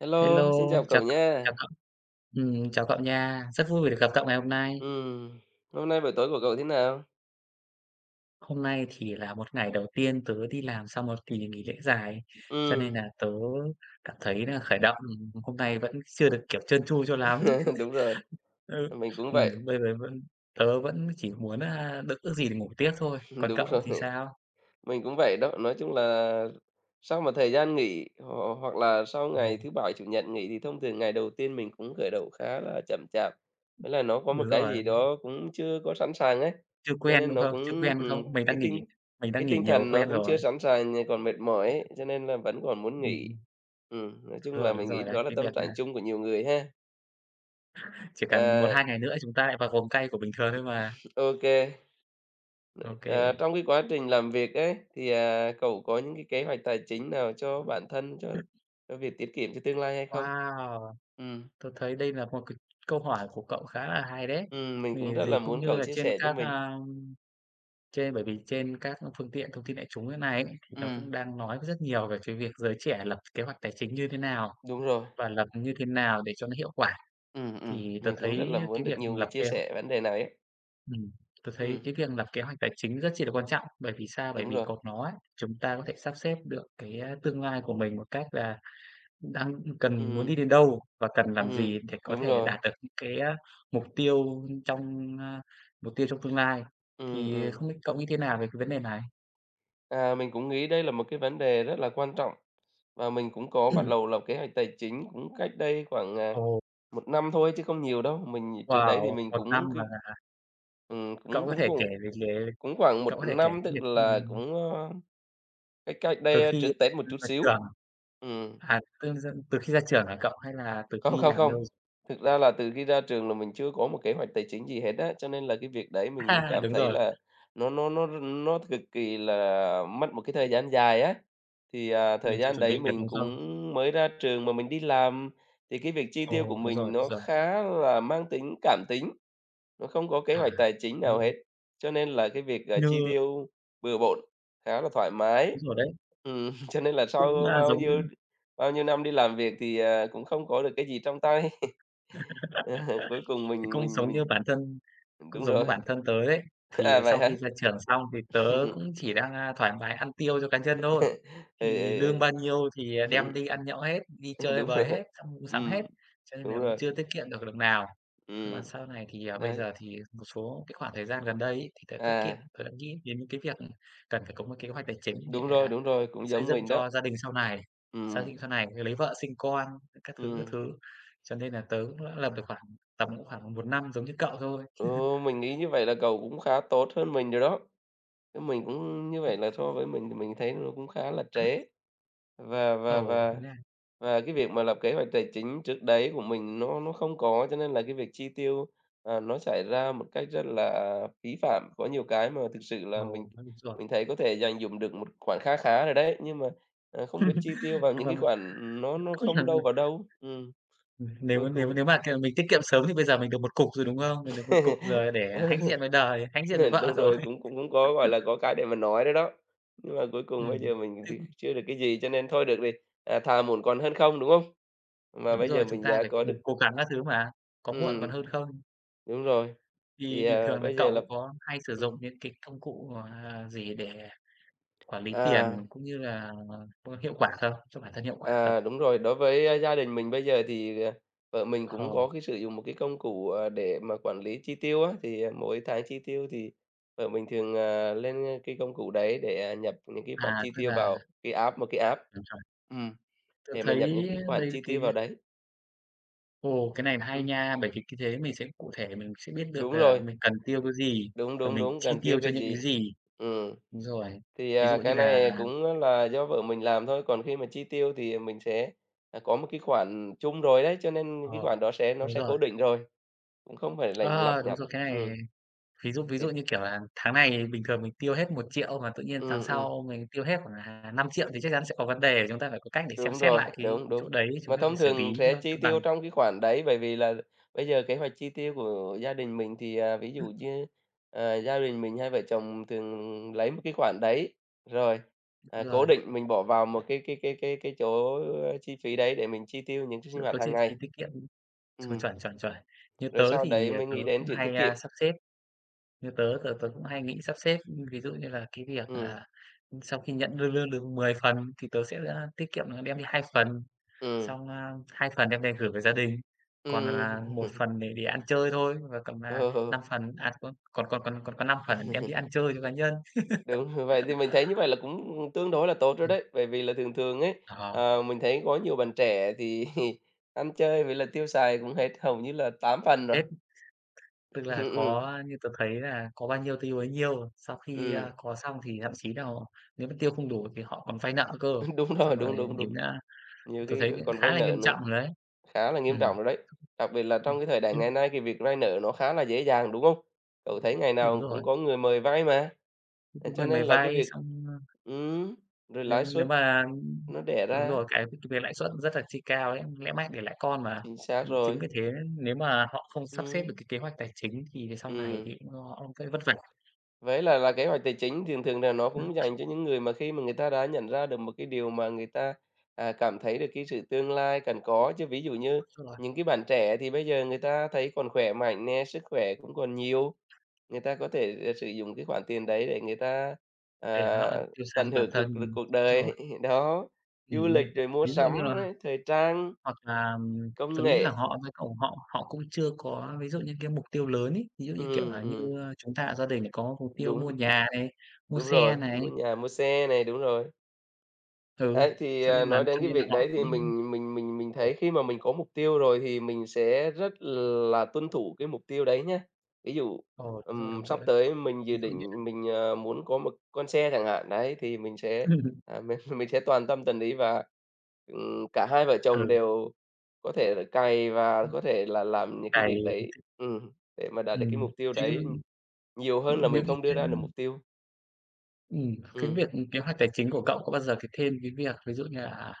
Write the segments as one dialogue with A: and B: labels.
A: Hello,
B: Hello,
A: xin chào
B: chào
A: cậu
B: cậu, chào
A: nha.
B: cậu. Ừm, chào cậu nha, rất vui vì được gặp cậu ngày hôm nay.
A: Ừm. Hôm nay buổi tối của cậu thế nào?
B: Hôm nay thì là 1 ngày đầu tiên tớ đi làm sau một kỳ nghỉ lễ dài, cho nên
A: Ừm.
B: nà tớ cảm thấy nà khởi động, ừm, hôm nay vẫn chưa được, kiểu, trơn tru cho lắm.
A: Đúng rồi,
B: Ơ,
A: mình cũng
B: ừm,
A: vậy.
B: bây giờ vẫn tớ vẫn chỉ muốn, a, được ước gì được ngủ tiếp thôi. Còn
A: Đúng
B: cậu
A: rồi.
B: thì sao?
A: Mình cũng vậy đó. Nói chung là sau một thời gian nghỉ họ hoặc là sau ngày
B: Rồi
A: thứ Bảy, Chủ nhật nghỉ thì thông thường ngày đầu tiên mình cũng khởi động khá là chậm chạp. Thế là nó có một
B: Đúng
A: cái
B: rồi,
A: gì
B: ừm.
A: đó cũng chưa có sẵn sàng ấy,
B: Chưa
A: cho
B: quen,
A: nên
B: đúng
A: nó
B: không? Chưa
A: cũng,
B: quen, đúng
A: ừm,
B: không? Mình
A: cái
B: đang nghỉ,
A: tinh,
B: mình đang
A: cái
B: nghỉ
A: tinh
B: nhiều
A: thần nó
B: quen
A: cũng chưa
B: rồi.
A: sẵn sàng, nh còn mệt mỏi ấy, cho nên là vẫn còn muốn
B: Ừm
A: nghỉ.
B: hưm.
A: Ừm, nói
B: Đúng
A: chung là
B: rồi, đúng
A: mình nghĩ
B: rồi đấy,
A: đó là
B: cái
A: tâm
B: việc,
A: trạng
B: à
A: chung của nhiều người ha?
B: Chỉ cần một
A: À!
B: hai ngày nữa, chúng ta lại vào vòng cay của bình thường thôi mà.
A: OK. Vậy, à,
B: OK.
A: trong cái quá trình làm việc ấy, thì, à, cậu có những cái kế hoạch tài chính nào cho bản thân, cho cho việc tiết kiệm cho tương lai hay không?
B: Wow!
A: Ừm.
B: Tớ thấy đây là một c câu hỏi của cậu khá là hay đấy.
A: Ừm, mình cũng
B: Vì
A: rất là
B: gì cũng
A: muốn
B: như
A: cậu
B: là
A: chia
B: trên
A: sẻ cho
B: các,
A: mình.
B: a, trên bởi vì trên các phương tiện thông tin đại chúng ấy nay ấy, thì nó
A: Ừm.
B: cũng đang nói rất rất nhiều về cái việc giới trẻ là lập kế hoạch tài chính như thế nào
A: Đúng rồi.
B: và lập như thế nào để cho nó hiệu quả.
A: Ừm, ừm,
B: Thì tớ
A: mình cũng rất
B: thấy,
A: là
B: ơ,
A: muốn
B: cái
A: được
B: việc
A: nhiều người
B: lập
A: chia
B: kế h
A: sẻ vấn đề này ấy.
B: Ừm, tớ thấy
A: Ừm.
B: cái việc lập kế hoạch tài chính rất chi là quan trọng, bởi vì sao? Bởi
A: Đúng
B: vì
A: rồi.
B: có nó ấy, chúng ta có thể sắp xếp được cái tương lai của mình một cách là đang cần muốn
A: Ừm.
B: đi đến đâu và cần làm
A: Ừm,
B: gì để có
A: đúng
B: thể
A: rồi.
B: đạt được những cái á, mục tiêu trong, ơ mục tiêu trong tương lai.
A: Ừm,
B: Thì
A: ừm.
B: không biết cậu nghĩ thế nào về cái vấn đề này?
A: À, mình cũng nghĩ đây là một cái vấn đề rất là quan trọng, và mình cũng có bắt đầu lập kế hoạch tài chính cũng cách đây khoảng, à,
B: Ồ.
A: 1 năm thôi chứ không nhiều đâu, mình trước đấy thì
B: Wow,
A: mình
B: 1 năm
A: cũng c
B: mà hả hả?
A: ừm,
B: Cậu
A: cũng
B: có
A: cũng
B: thể kể
A: vội,
B: về cái
A: cũng khoảng 1
B: cậu có thể kể
A: năm
B: cái
A: tức
B: việc,
A: là
B: ừm
A: cũng, ơ, cách cách
B: Từ
A: đây
B: khi
A: trước Tết một
B: ra
A: chút
B: khỏi
A: xíu.
B: trường
A: Ừm.
B: à, [unintelligible] từ khi ra trường hả cậu hay là từ
A: Không,
B: khi
A: không,
B: làm
A: không,
B: lâu rồi?
A: thực ra là từ khi ra trường là mình chưa có một kế hoạch tài chính gì hết á, cho nên là cái việc đấy mình mới cảm
B: Đúng
A: thấy
B: rồi.
A: là nó nó nó r nó cực kỳ là mất một cái thời gian dài á. Thì, à,
B: Mình
A: thời
B: chưa
A: gian
B: chuẩn bị
A: đấy
B: được,
A: mình
B: đúng
A: cũng
B: không?
A: mới ra trường mà mình đi làm, thì cái việc chi tiêu của
B: Ồ, đúng rồi,
A: mình nó
B: rồi.
A: khá là mang tính cảm tính, nó không có kế
B: À,
A: hoạch tài chính
B: đúng
A: nào
B: rồi.
A: hết, cho nên là cái việc, ờ,
B: Nhờ
A: chi tiêu bừa bộn khá là thoải mái.
B: Đúng rồi đấy.
A: Ừm, cho nên là
B: Cũng,
A: sau
B: a,
A: bao nhiêu
B: giống
A: bao nhiêu năm đi làm việc thì, à, cũng không có được cái gì trong tay. Ờ, cuối cùng
B: Thì
A: mình
B: cũng
A: mình
B: giống
A: mình
B: như bản thân cũng
A: đúng
B: giống
A: rồi.
B: như bản thân tớ ấy, thì
A: À, vậy
B: sau
A: hả?
B: khi ra trường xong thì tớ cũng chỉ đang, a, thoải mái ăn tiêu cho cá nhân thôi.
A: Ừ,
B: Thì
A: ừ,
B: lương
A: ừ,
B: bao nhiêu thì, ờ,
A: ừm.
B: đem đi ăn nhậu hết, đi
A: Ừm,
B: chơi
A: đúng
B: bời hết,
A: rồi.
B: xong mua sắm hết,
A: Ừm,
B: cho nên
A: đúng
B: là cũng
A: rồi.
B: chưa tiết kiệm được đồng nào. Nhưng mà
A: Ừm,
B: sau này thì, ờ bây
A: đấy.
B: giờ thì một số cái khoảng thời gian gần đây ấy, thì tớ tiết kiệm,
A: À.
B: tớ nghĩ đến những cái việc cần phải có một kế hoạch tài chính để,
A: Đúng rồi,
B: à,
A: đúng rồi, cũng
B: xây
A: giống
B: dựng
A: mình đó.
B: cho gia đình sau này, xác
A: Ừm.
B: định sau này lấy vợ sinh con, các thứ, các
A: Ừm.
B: thứ. Cho nên là tớ cũng lập được khoảng tầm cũng khoảng 1 năm giống như cậu thôi.
A: Ồ, mình nghĩ như vậy là cậu cũng khá tốt hơn mình rồi đó, chứ mình cũng như vậy
B: Đúng
A: là
B: vậy.
A: so với mình thì mình thấy nó cũng khá là trễ và và
B: Ồ, vậy
A: và
B: nha.
A: và cái việc mà lập kế hoạch tài chính trước đấy của mình nó nó không có cho nên là cái việc chi tiêu, ờ, nó xảy ra một cách rất là phí phạm, có nhiều cái mà thực sự là
B: Ồ,
A: mình
B: a, đúng rồi.
A: mình thấy có thể dành dụm được một khoản kha khá rồi đấy, nhưng mà, à, không biết chi tiêu vào những cái khoản nó
B: [unintelligible]
A: nó
B: Ừ
A: không đâu
B: hừm.
A: vào đâu. Ừm,
B: Ừm, nếu
A: cuối
B: nếu
A: cùng
B: nếu mà theo mình tiết kiệm sớm thì bây giờ mình được một cục rồi, đúng không? Mình được một cục rồi để
A: Ừ.
B: hãnh diện với đời, hãnh diện với
A: Ừ,
B: vợ
A: đúng
B: rồi.
A: rồi, cũng cũng có, gọi là, có cái để mà nói nữa đó, nhưng mà cuối cùng bây giờ
B: Ừm,
A: mình thì
B: tiếc.
A: chưa được cái gì cho nên thôi được thì, à, thà muộn còn hơn không, đúng không? Và
B: Đúng
A: bây
B: rồi,
A: giờ
B: chúng
A: mình
B: ta
A: đã
B: phải cố
A: có
B: cùng
A: được
B: cố gắng các thứ mà, có muộn còn
A: Ừm.
B: hơn không.
A: Đúng rồi,
B: Thì
A: thì,
B: bình
A: à,
B: thường là
A: bây giờ là
B: cậu có hay sử
A: ừm.
B: dụng những cái công cụ, ờ, gì để quản lý
A: Ờ.
B: tiền cũng như là, ơ, hiệu quả không? Cho bản thân hiệu quả không?
A: À, đúng rồi, đối với, ơ, gia đình mình bây giờ thì, ờ, vợ mình cũng có
B: Ồ.
A: cái sử dụng một cái công cụ, ờ, để mà quản lý chi tiêu á. Thì mỗi tháng chi tiêu thì vợ mình thường, ờ, lên, ơ, cái công cụ đấy để nhập những cái khoản
B: À,
A: chi
B: tức
A: tiêu
B: là
A: vào cái app, một cái app
B: Đúng, xong.
A: ừm,
B: Tớ
A: để mà nhập những
B: thấy
A: cái khoản
B: đây là
A: chi tiêu
B: cái
A: vào đấy.
B: Ồ, cái này là hay
A: Ừm.
B: nha, bởi vì khi thế mình sẽ cụ thể, mình sẽ biết được
A: Đúng
B: là
A: rồi.
B: mình cần tiêu cái gì
A: Đúng,
B: và
A: đúng,
B: mình
A: đúng,
B: chi
A: cần tiêu
B: tiêu cho
A: cái
B: những cái
A: gì.
B: gì.
A: Ừm.
B: Đúng rồi,
A: Thì,
B: ví
A: à,
B: dụ như
A: cái
B: là
A: này cũng á là do vợ mình làm thôi, còn khi mà chi tiêu thì, ờ, mình sẽ, ờ, có một cái khoản chung rồi đấy, cho nên những cái
B: Ờ,
A: khoản đó sẽ nó
B: đúng
A: sẽ cố
B: rồi.
A: định rồi, cũng không phải lành lặt
B: Ờ, đúng
A: nhặt.
B: rồi. Cái này
A: Ừm.
B: ví dụ ví
A: Thì
B: dụ như, kiểu là, tháng này, bình thường mình tiêu hết 1.000.000, mà tự nhiên tháng
A: Ừm, ừm.
B: sau mình tiêu hết khoảng là 5.000.000, thì chắc chắn sẽ có vấn đề. Chúng ta phải có cách để xem
A: Đúng
B: xét
A: rồi,
B: lại cái
A: đúng,
B: cái
A: đúng.
B: chỗ đấy, chúng
A: Mà
B: ta phải
A: thông
B: xử
A: thường
B: lý
A: sẽ
B: cho
A: chi
B: cân bằng.
A: tiêu trong cái khoản đấy, bởi vì là bây giờ kế hoạch chi tiêu của gia đình mình thì, à, ví dụ
B: Ừm.
A: như, ờ, gia đình mình hai vợ chồng thường lấy một cái khoản đấy, rồi, à,
B: Đúng
A: cố
B: rồi.
A: định mình bỏ vào một cái cái cái cái cái chỗ, ơ, chi phí đấy để mình chi tiêu những ch sinh
B: Chưa
A: hoạt
B: có chi
A: hằng
B: phí
A: ngày.
B: tiết kiệm, ừm,
A: Ừm.
B: chuẩn, chuẩn, chuẩn, như
A: Rồi
B: tớ
A: sau đấy
B: thì, ờ,
A: mới
B: tớ
A: nghĩ đến
B: cũng
A: chuyện tiết
B: hay,
A: kiệm.
B: a, sắp xếp. Như tớ tớ tớ cũng hay nghĩ sắp xếp, ưm, ví dụ như là cái việc,
A: Ừm.
B: à, ừm, sau khi nhận lương lương được 10 phần thì tớ sẽ, a, tiết kiệm là đem đi 2 phần,
A: Ừm.
B: xong, a, 2 phần đem về gửi về gia đình. Còn, à, 1
A: Ừm.
B: phần để để ăn chơi thôi, và cầm, à,
A: Ờ.
B: 5 phần, à, có còn còn còn còn có 5 phần đem đi ăn chơi cho cá nhân.
A: Đúng. Vậy thì mình thấy như vậy là cũng, ừm, tương đối là tốt rồi
B: Ừm.
A: đấy, bởi vì là thường thường ấy,
B: Ờ.
A: ờ, mình thấy có nhiều bạn trẻ thì, ăn chơi với lại tiêu xài cũng hết hầu như là 8 phần rồi.
B: Hết. Tức là
A: Ừm,
B: có
A: ừm.
B: a, như tớ thấy là có bao nhiêu tiêu bấy nhiêu. Sau khi, a,
A: Ừm.
B: có xong thì thậm chí nà nếu mà tiêu không đủ thì họ còn vay nợ cơ,
A: Đúng rồi,
B: xong
A: đúng,
B: rồi
A: đúng, đúng.
B: đến, a
A: Nhiều
B: tớ
A: khi
B: thấy
A: kh
B: cũng
A: còn
B: khá
A: vay
B: là
A: nợ
B: nghiêm
A: nữa,
B: trọng rồi đấy.
A: khá là nghiêm
B: Ừm.
A: trọng rồi đấy, đặc biệt là
B: Ừm,
A: trong cái thời đại
B: ưm.
A: ngày nay thì việc vay nợ nó khá là dễ dàng, đúng không? Cậu thấy ngày
B: Đúng
A: nào
B: rồi.
A: cũng có người mời vay mà,
B: Cũng
A: thế
B: cũng
A: cho
B: cần
A: nên
B: phải
A: là cái
B: vay
A: việc
B: xong, ơ
A: ừm, rồi lãi
B: Nếu nếu
A: suất
B: mà, ưm
A: nó đẻ
B: đúng
A: ra.
B: rồi, cái [unintelligible] thuộc về lãi suất rất là chi cao ấy, lẽ mãi đẻ lãi con mà.
A: Chính xác
B: Ừm, chính
A: rồi.
B: vì thế nếu mà họ không sắp xếp được
A: Ừm.
B: cái kế hoạch tài chính thì sau này
A: Ừm.
B: thì cũng do họ cũng sẽ vất vả.
A: Với lại là kế hoạch tài chính, thường thường là nó
B: Ừm.
A: cũng dành cho những người mà khi mà người ta đã nhận ra được một cái điều mà người ta, à, cảm thấy được cái sự tương lai cần có. Chứ ví dụ như
B: Đúng rồi.
A: những cái bạn trẻ thì bây giờ người ta thấy còn khỏe mạnh nè, sức khỏe cũng còn nhiều, người ta có thể, ờ, sử dụng cái khoản tiền đấy để người ta,
B: Bể
A: à,
B: nợ, tiêu sài
A: tận
B: cho bản
A: hưởng
B: thân,
A: cực lực
B: ừm,
A: cuộc đời.
B: rồi.
A: Đó, du
B: Ừm,
A: lịch rồi mua
B: ví dụ như là
A: sắm này, thời trang,
B: hoặc là, ừm,
A: công
B: tớ nghĩ là
A: nghệ.
B: họ cũng phải cầu họ họ cũng chưa có ví dụ như cái mục tiêu lớn ấy, ví dụ, như kiểu
A: Ừm,
B: là,
A: ừm.
B: như, a, chúng ta ở gia đình này có mục tiêu mua
A: Đúng.
B: nhà này, mua
A: Đúng
B: xe
A: rồi,
B: này.
A: mua nhà, mua xe này, đúng rồi.
B: Ừ,
A: Đấy, thì,
B: cho
A: à,
B: nên bạn
A: nói đến
B: cho
A: cái
B: nên là
A: việc đấy
B: họ
A: thì
B: cũng
A: mình mình mình mình thấy
B: ồ.
A: khi mà mình có mục tiêu rồi thì mình sẽ rất là tuân thủ cái mục tiêu đấy nhá. Ví dụ,
B: Ồ, đúng rồi,
A: ừm,
B: đúng
A: sắp
B: rồi đấy.
A: tới mình dự
B: Ví dụ như
A: định mình, ờ, muốn có một con xe chẳng hạn, đấy, thì mình sẽ, à, mình mình sẽ toàn tâm toàn ý và, ừm, cả hai vợ chồng
B: Ừ.
A: đều có thể là cày và
B: Ừm.
A: có thể là làm những cái
B: Cày.
A: việc đấy, ừm, để mà đạt được cái
B: Ừm,
A: mục tiêu
B: thế
A: đấy, ừm,
B: nhưng
A: nhiều hơn là
B: những
A: mình
B: cái
A: không đưa
B: cái
A: ra được mục tiêu.
B: Ừm, cái
A: Ừm.
B: việc kế hoạch tài chính của cậu có bao giờ cái thêm cái việc ví dụ như là, à,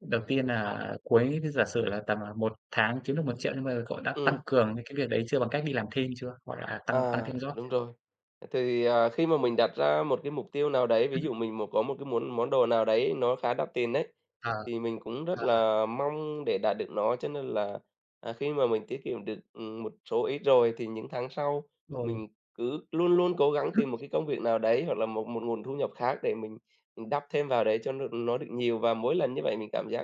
B: đầu tiên nà cuối cứ giả sử là tầm, à, 1 tháng kiếm được 1.000.000 nhưng bây giờ cậu đã tăng
A: Ừm.
B: cường nên cái việc đấy chưa, bằng cách đi làm thêm chưa? Hoặc là tăng tăng
A: À,
B: thêm job
A: đúng
B: chưa?
A: rồi. Thì, à, khi mà mình đặt ra một cái mục tiêu nào đấy, ví
B: Ừm.
A: dụ mình một có một cái muốn món đồ nào đấy nó khá đắt tiền ấy,
B: Ờ.
A: thì mình cũng rất
B: Ờ, ờ.
A: là mong để đạt được nó. Cho nên là, à, khi mà mình tiết kiệm được, ừm, một số ít rồi thì những tháng sau
B: Ồ.
A: mình cứ luôn luôn cố gắng tìm một cái công việc nào đấy hoặc là một một nguồn thu nhập khác để mình, ừm, đắp thêm vào đấy cho nó được nó được nhiều và mỗi lần như vậy mình cảm giác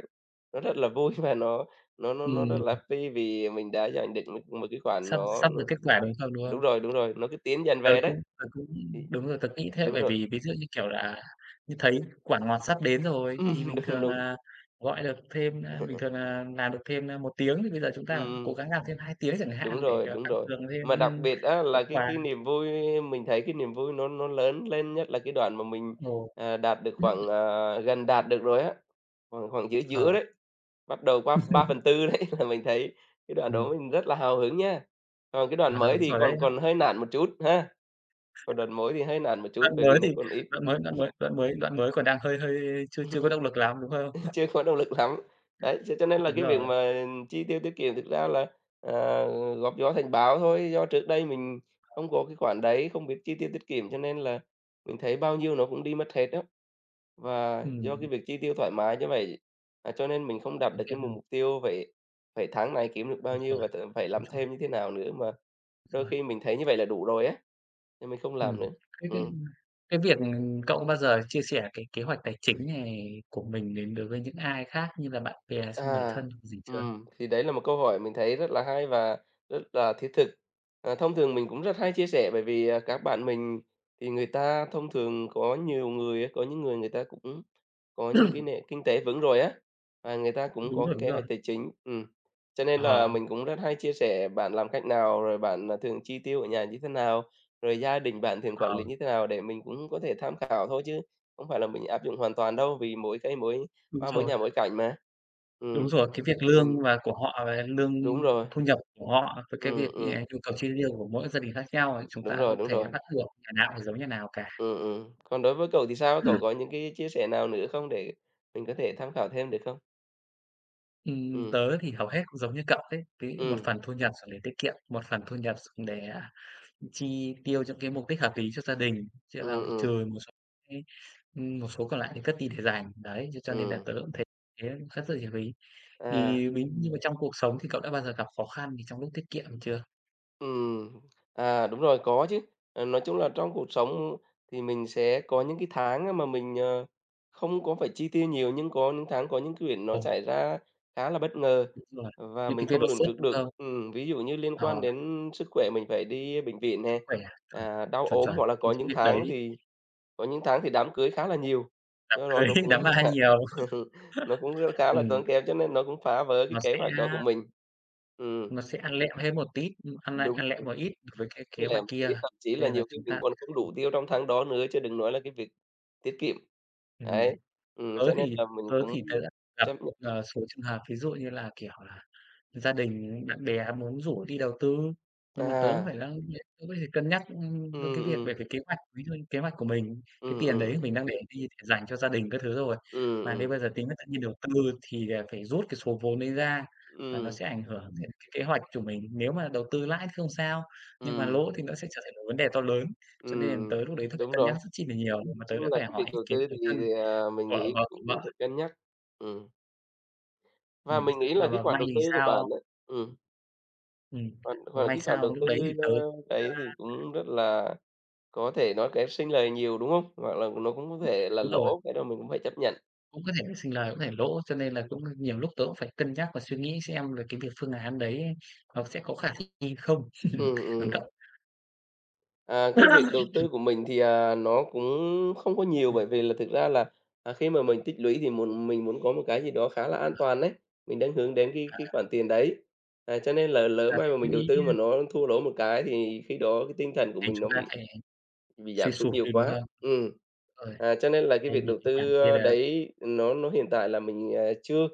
A: nó rất là vui và nó nó nó rất là
B: Ừm.
A: phi vì mình đã dành được được một cái khoản
B: Sắp
A: nó
B: sắp
A: nó
B: được kết quả, đúng không đúng
A: đúng
B: không?
A: rồi, đúng rồi, nó cứ tiến dần
B: Tớ
A: về đấy.
B: cũng tớ cũng
A: Thì
B: đúng rồi, tớ nghĩ thế,
A: đúng
B: bởi
A: rồi.
B: vì ví dụ như kiểu là, à, như thấy quả ngọt sắp đến rồi thì
A: Ừm,
B: bình
A: đúng,
B: thường
A: đúng.
B: là gọi được thêm, a bình thường là làm được thêm, a, 1 tiếng thì bây giờ chúng
A: Ừm,
B: ta cố
A: ừm.
B: gắng làm thêm 2 tiếng chẳng
A: Đúng
B: hạn để,
A: rồi,
B: à,
A: đúng
B: tăng
A: rồi.
B: cường thêm,
A: Mà đặc
B: ừm,
A: biệt á
B: có
A: là cái
B: quà.
A: cái niềm vui mình thấy cái niềm vui nó nó lớn lên, nhất là cái đoạn mà mình,
B: Ồ.
A: ờ, đạt được khoảng, ờ, gần đạt được rồi á, khoảng khoảng giữa giữa
B: Ờ.
A: đấy, bắt đầu qua ba phần tư đấy là mình thấy cái đoạn
B: Ừm.
A: đó mình rất là hào hứng nhá. Còn cái đoạn
B: À,
A: mới
B: đúng
A: thì
B: rồi đấy,
A: còn
B: họ
A: còn hơi nản một chút ha, còn đoạn mới thì hơi nản một chút
B: Đoạn
A: bởi
B: mới
A: vì nó
B: thì
A: còn ít.
B: đoạn mới đoạn mới đoạn mới đoạn mới còn đang hơi hơi chưa chưa có động lực lắm, đúng không?
A: Chưa có động lực lắm! Đấy, thế cho nên là
B: Đúng
A: cái việc
B: rồi.
A: mà chi tiêu tiết kiệm thực ra là, ờ, góp gió thành bão thôi, do trước đây mình
B: Ờ.
A: không có cái khoản đấy, không biết chi tiêu tiết kiệm cho nên là mình thấy bao nhiêu nó cũng đi mất hết á. Và do
B: Ừm.
A: cái việc chi tiêu thoải mái như vậy, à, cho nên mình không đạt
B: Thực
A: được cái
B: hiện
A: mục
B: ừm.
A: mục tiêu phải phải tháng này kiếm được bao
B: Đúng
A: nhiêu
B: rồi,
A: và t phải làm
B: đúng rồi.
A: thêm như thế nào nữa, mà đôi
B: Rồi.
A: khi mình thấy như vậy là đủ rồi á, nên mình không
B: Ừm.
A: làm nữa.
B: Cái cái
A: Ừm.
B: cái việc, ừm cậu có bao giờ chia sẻ cái kế hoạch tài chính này của mình đến đối với những ai khác như là bạn bè, xong người
A: À.
B: thân gì chưa?
A: Ừm, thì đấy là một câu hỏi mình thấy rất là hay và rất là thiết thực. Ờ, thông thường mình cũng rất hay chia sẻ bởi vì, ờ, các bạn mình thì người ta thông thường có nhiều người có những người người ta cũng có những cái nề kinh tế vững rồi á, và người ta cũng
B: Đúng
A: có
B: rồi,
A: cái
B: đúng
A: kế hoạch
B: rồi.
A: tài chính, ừm, cho nên là
B: Ờ.
A: mình cũng rất hay chia sẻ bạn làm cách nào, rồi bạn, à, thường chi tiêu ở nhà như thế nào, rồi gia đình bạn thường quản lý
B: Ờ.
A: như thế nào để mình cũng có thể tham khảo thôi chứ không phải là mình áp dụng hoàn toàn đâu, vì mỗi cây mỗi
B: Đúng
A: hoa, mỗi
B: rồi.
A: nhà mỗi cảnh mà.
B: Đúng
A: Ừm.
B: rồi! Cái việc
A: Tình
B: lương và của họ và lương
A: Đúng rồi.
B: thu nhập của họ với cái
A: Ừm,
B: việc như là
A: ừm.
B: nhu cầu chi tiêu của mỗi gia đình khác nhau này, chúng
A: Đúng
B: ta
A: rồi,
B: không
A: đúng
B: thể
A: rồi.
B: bắt buộc nhà nào cũng phải giống nhà nào cả.
A: Ừm, ừm, còn đối với cậu thì sao á? Cậu có những cái chia sẻ nào nữa không để mình có thể tham khảo thêm được không?
B: Ừm,
A: Ừm.
B: tớ thì hầu hết cũng giống như cậu ấy, ví dụ một
A: Ừm.
B: phần thu nhập dùng để tiết kiệm, một phần thu nhập dùng để, ờ, chi tiêu cho cái mục đích hợp lý cho gia đình, chỉ là
A: Ừm,
B: một trừ
A: ừm.
B: một số cái ừm, một số còn lại thì cất đi để dành. Đấy, thế cho nên là
A: Ừm.
B: tớ cũng thấy thế cất rất là nhiều rồi ấy. Thì
A: À.
B: ví như mà trong cuộc sống thì cậu đã bao giờ gặp khó khăn gì trong lúc tiết kiệm chưa?
A: Ừm, à, đúng rồi, có chứ. Ờ, nói chung là trong cuộc sống thì mình sẽ có những cái tháng mà mình, ờ, không có phải chi tiêu nhiều nhưng có những tháng có những cái việc nó
B: Ồ.
A: xảy ra khá là bất ngờ
B: Đúng rồi,
A: và
B: những
A: mình
B: cái việc
A: không
B: đột
A: lường
B: xuất,
A: trước
B: đúng
A: được.
B: không?
A: Ừm, ví dụ như liên quan
B: Ờ.
A: đến sức khỏe mình phải đi bệnh viện
B: Sức
A: nè,
B: khỏe, chuẩn,
A: à, đau
B: chuẩn,
A: ốm,
B: chuẩn,
A: hoặc là có
B: những cái
A: những
B: việc
A: tháng
B: đấy
A: thì có những tháng thì đám cưới khá là nhiều,
B: Đám
A: do đó
B: cười,
A: nó cũng
B: đám ma nhiều.
A: nó cũng rất khá là
B: Ừm.
A: tốn kém cho nên nó cũng phá vỡ cái
B: Nó
A: kế
B: sẽ,
A: hoạch đó của
B: a
A: mình. Ừm.
B: Nó sẽ ăn lẹm thêm một tít ăn, a,
A: Đúng
B: ăn lẹm
A: rồi.
B: một ít với cái kế
A: Với lại
B: hoạch
A: mình thấy
B: kia,
A: thậm chí
B: cho
A: là
B: nên là
A: nhiều khi
B: chúng
A: mình
B: ta
A: còn không đủ tiêu trong tháng đó nữa chứ đừng nói là cái việc tiết kiệm. Đấy,
B: Ừm.
A: ừm,
B: Tớ
A: cho nên
B: thì
A: là mình
B: tớ
A: cũng
B: thì tớ đã gặp
A: chấp
B: một,
A: nhận.
B: ờ, số trường hợp ví dụ như là, kiểu là, gia đình, bạn bè muốn rủ đi đầu tư, nhưng mà tớ cũng phải
A: À.
B: la [unintelligible] tớ có thể cân nhắc, ừm, đến
A: Ừm,
B: cái việc bởi
A: ừm.
B: vì kế hoạch ví dụ như kế hoạch của mình, cái
A: Ừm,
B: tiền đấy
A: ừm.
B: mình đang để đi để dành cho gia đình các thứ rồi.
A: Ừm,
B: Mà nếu
A: ừm.
B: bây giờ tính tự nhiên đầu tư thì là phải rút cái số vốn đấy ra và nó
A: Ừm.
B: sẽ ảnh hưởng đến cái kế hoạch của mình. Nếu mà đầu tư lãi thì không sao, nhưng mà
A: Ừm.
B: lỗ thì nó sẽ trở thành một vấn đề to lớn. Cho nên là
A: Ừm,
B: tớ lúc đấy tớ phải
A: đúng
B: cân nhắc
A: rồi.
B: rất chi là nhiều
A: Nói
B: mà tớ
A: chung
B: đã
A: là
B: phải
A: cái
B: hỏi
A: việc
B: ý
A: đầu tư
B: kiến
A: ấy,
B: người
A: thì,
B: thân,
A: à, mình
B: vợ
A: nghĩ
B: và
A: cũng
B: của vợ.
A: phải cân nhắc, ừm. Và
B: Ừm,
A: mình nghĩ là
B: mà
A: cái
B: mà
A: khoản
B: may
A: đầu
B: thì
A: tư của bạn
B: sao
A: á ừm.
B: Ừm,
A: Khoản
B: mà
A: khoản
B: may
A: cái khoản đầu
B: sao lúc
A: tư,
B: đấy thì tớ cũng,
A: ơ, đấy
B: a
A: thì cũng rất là có thể nói cái sinh lời nhiều, đúng không? Hoặc là nó cũng có
B: [unintelligible]
A: thể là
B: đúng rồi.
A: lỗ, cái đó mình cũng phải chấp nhận.
B: Cũng có thể sinh lời, cũng có thể lỗ cho nên là cũng nhiều lúc tớ cũng phải cân nhắc và suy nghĩ xem là cái việc phương án đấy nó sẽ có khả thích nghi không.
A: Ừm,
B: Còn
A: ừm.
B: cậu?
A: À, cái việc đầu tư của mình thì, à, nó cũng không có nhiều
B: Ừm.
A: bởi vì là thực ra là, à, khi mà mình tích lũy thì muốn mình muốn có một cái gì đó khá là an
B: Ờ.
A: toàn ấy, mình đang hướng đến cái
B: À.
A: cái khoản tiền đấy. À, cho nên là lỡ
B: Là
A: may
B: tích
A: mà mình đầu
B: lũy
A: tư mà
B: nhá.
A: nó thua lỗ một cái thì khi đó cái tinh thần của
B: Thì
A: mình
B: chúng
A: nó
B: ta
A: bị
B: sẽ
A: bị
B: suy
A: giảm sút
B: sụp
A: nhiều
B: đi, đúng
A: quá.
B: không?
A: Ừm,
B: Ơi.
A: à, cho nên là cái
B: Đây
A: việc
B: thì,
A: đầu
B: cái khoản
A: tư,
B: kia
A: a,
B: là
A: đấy nó nó hiện tại là mình, à, chưa.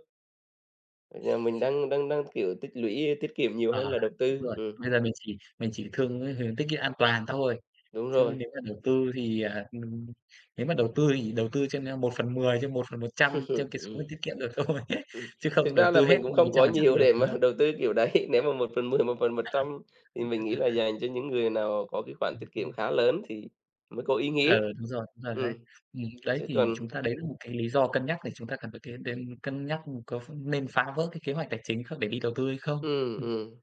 A: Giờ mình đang đang đang, kiểu, tích lũy tiết kiệm nhiều
B: À,
A: hơn là đầu
B: đúng
A: tư,
B: rồi.
A: ừm.
B: Bây giờ mình chỉ mình chỉ thương cái tiết kiệm an toàn thôi.
A: Đúng
B: Chứ
A: rồi.
B: nếu mà đầu tư thì, à, ừm, nếu mà đầu tư thì đầu tư trên 1/10 trên 1/100 cho cái số
A: Ừm.
B: mình tiết kiệm được thôi.
A: Ừm,
B: Chứ không
A: thực
B: đầu
A: ra là
B: tư hết
A: mình cũng
B: một
A: không
B: trăm
A: có
B: phần trăm
A: nhiều
B: được,
A: để
B: đúng
A: mà
B: không?
A: đầu tư kiểu đấy. Nếu mà 1/10 một phần một
B: À
A: trăm
B: há.
A: thì mình nghĩ là dành cho những người nào có cái khoản
B: Ừm
A: tiết kiệm
B: hưm.
A: khá lớn thì mới có ý nghĩa.
B: Ừ, đúng rồi, đúng rồi đấy.
A: Ừm,
B: Ừm, đấy
A: chứ
B: thì
A: còn
B: chúng ta đấy là một cái lý do cân nhắc để chúng ta cần phải kê để cân nhắc có ph nên phá vỡ cái kế hoạch tài chính khác để đi đầu tư hay không.
A: Ừm,
B: Ừm.
A: ừm.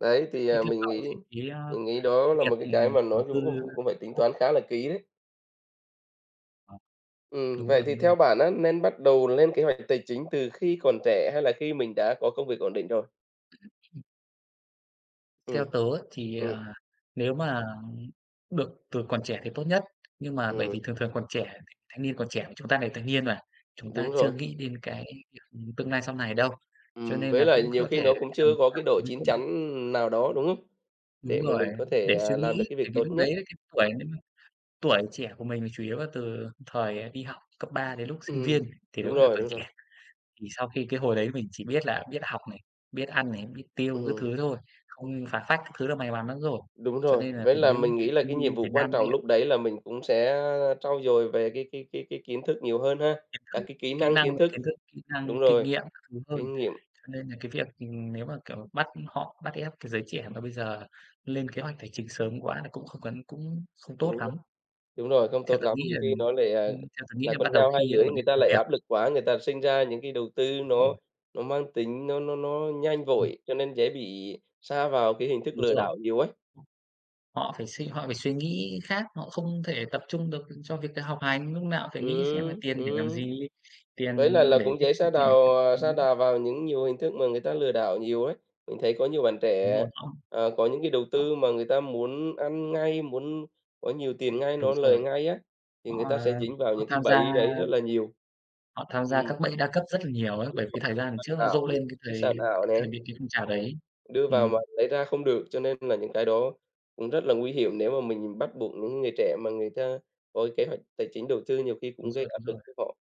A: Đấy, thì,
B: Thế
A: à,
B: theo
A: mình
B: cậu
A: nghĩ
B: thì cái, a,
A: mình nghĩ
B: cái
A: đó là
B: việc,
A: một cái cái
B: ừm,
A: mà
B: đầu
A: nói
B: tư
A: chung cũng cũng phải tính
B: [unintelligible]
A: toán khá là kỹ đấy.
B: Ờ,
A: Ừm,
B: đúng
A: vậy
B: rồi,
A: thì
B: đúng rồi.
A: theo bạn á, nên bắt đầu lên kế hoạch tài chính từ khi còn trẻ hay là khi mình đã có công việc ổn định rồi?
B: [unintelligible] Theo
A: Ừm.
B: tớ á, thì,
A: Ừm.
B: à, nếu mà được từ còn trẻ thì tốt nhất. Nhưng mà bởi vì
A: Ừm.
B: thường thường còn trẻ, thì thanh niên còn trẻ mà chúng ta là thanh niên mà, chúng ta
A: Đúng
B: chưa
A: rồi.
B: nghĩ đến cái, kiểu, tương lai sau này đâu. Cho
A: Ừm,
B: nên
A: với
B: là
A: lại
B: cũng
A: nhiều
B: có
A: khi
B: thể
A: nó
B: cái
A: cũng chưa
B: tầm
A: có cái
B: khoảng
A: độ
B: ví
A: chín
B: dụ như
A: chắn nào đó, đúng không?
B: Đúng
A: Để mà
B: rồi,
A: mình có thể,
B: để suy
A: à, làm được
B: nghĩ,
A: cái việc
B: tại vì
A: tốt
B: lúc đấy
A: nhất.
B: cái tuổi nếu mà tuổi trẻ của mình là chủ yếu là từ thời đi học cấp ba đến lúc sinh viên
A: Ừm,
B: thì
A: đúng
B: đúng là
A: rồi,
B: còn
A: đúng
B: trẻ.
A: rồi.
B: Thì sau khi cái hồi đấy mình chỉ biết là biết học này, biết ăn này, biết tiêu các thứ
A: Ừm.
B: thôi, không phá phách các thứ là may mắn lắm rồi,
A: Đúng
B: cho
A: rồi,
B: nên là
A: với là
B: với
A: mình
B: những cái
A: nghĩ là cái
B: thanh niên
A: nhiệm
B: Việt
A: vụ quan
B: Nam
A: trọng
B: hiện
A: lúc đấy là mình cũng sẽ, a, trau dồi về cái cái cái cái kiến thức nhiều hơn ha,
B: Kiến
A: các
B: thức,
A: cái kỹ
B: kỹ
A: năng,
B: năng
A: kiến thức
B: kiến thức, kỹ năng,
A: đúng
B: kinh
A: rồi,
B: nghiệm các thứ hơn.
A: kinh nghiệm.
B: Cho nên là cái việc, ừm, nếu mà, kiểu, bắt họ bắt ép cái giới trẻ mà bây giờ lên kế hoạch tài chính sớm quá thì cũng không cấn cũng không tốt
A: Đúng rồi,
B: lắm.
A: đúng rồi, không
B: Theo
A: tốt
B: tớ
A: lắm,
B: nghĩ
A: nhiều
B: là
A: khi
B: đừng
A: nó lại, à,
B: ừm, theo tớ nghĩ
A: là
B: là
A: con
B: bắt đầu
A: dao hai
B: khi
A: lưỡi,
B: ổn
A: người
B: định
A: ta
B: công
A: lại
B: việc.
A: áp lực quá, người ta sinh ra những cái đầu tư
B: Đúng rồi.
A: nó nó mang tính nó nó nó nhanh
B: Ừm.
A: vội cho nên dễ bị sa vào cái hình thức
B: Đúng
A: lừa
B: rồi.
A: đảo nhiều ấy.
B: Họ phải suy họ phải suy nghĩ khác, họ không thể tập trung được cho việc đ học hành, lúc nào cũng phải nghĩ xem là
A: Ừm,
B: tiền để làm
A: ừm,
B: gì,
A: với
B: tiền
A: lại là
B: để
A: cũng
B: tiết
A: dễ
B: kiệm
A: sa
B: thì mình thấy
A: đào à, sa
B: nó [unintelligible]
A: đà vào những nhiều hình thức mà người ta lừa đảo nhiều ấy. Mình thấy có nhiều bạn
B: Đúng
A: trẻ,
B: rồi, họ
A: ờ, có những cái đầu tư
B: họ
A: mà người ta muốn ăn ngay, muốn có nhiều tiền ngay,
B: Đúng
A: nó lời
B: rồi.
A: ngay á, thì
B: Họ,
A: người ta sẽ
B: ờ,
A: dính vào
B: họ
A: những cái
B: tham gia,
A: bẫy đấy rất
B: ơ
A: là nhiều.
B: Họ tham gia
A: Ừm.
B: các bẫy đa cấp rất là nhiều ấy,
A: Đủng
B: bởi vì
A: rồi,
B: thời
A: chứng
B: gian
A: khoán
B: trước nó
A: ảo
B: rộ
A: này,
B: lên cái
A: cái
B: thời
A: sàn ảo
B: cái thời
A: nè.
B: mấy cái phong trào đấy.
A: Đưa vào mà
B: Ừm.
A: lấy ra không được cho nên là những cái đó, ừm, rất là nguy hiểm nếu mà mình bắt buộc những người trẻ mà người ta có kế hoạch tài chính đầu tư, nhiều khi
B: Đúng
A: cũng gây
B: rồi,
A: áp
B: đúng
A: lực
B: rồi.
A: cho họ.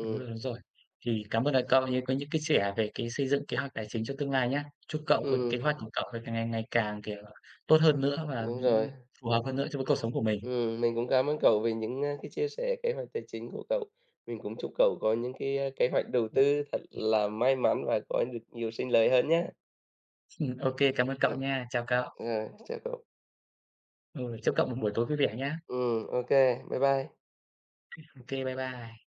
B: Đúng rồi, đúng rồi. Thì cảm ơn, ờ, cậu có những cái sẻ về cái xây dựng kế hoạch tài chính cho tương lai nhá. Chúc cậu có kế
A: Ừm.
B: hoạch của cậu càng ngày ngày càng, kiểu, tốt hơn
A: Ừm,
B: nữa và, ừm,
A: đúng rồi.
B: phù hợp hơn nữa cho với cuộc sống của mình!
A: Ừm, mình cũng cám ơn cậu về những, ơ, cái chia sẻ kế hoạch tài chính của cậu. Mình cũng chúc cậu có những cái kế hoạch đầu
B: Ô
A: tư thật
B: kê.
A: là may mắn và có được nhiều sinh lời hơn nhá!
B: Ừm, ô kê cảm ơn
A: Ừm,
B: cậu nha, chào cậu.
A: rồi, chào cậu.
B: Ừ, chúc cậu một buổi tối vui vẻ nha!
A: Ừm, ô kê, bye bye!
B: Ô kê, bye bye.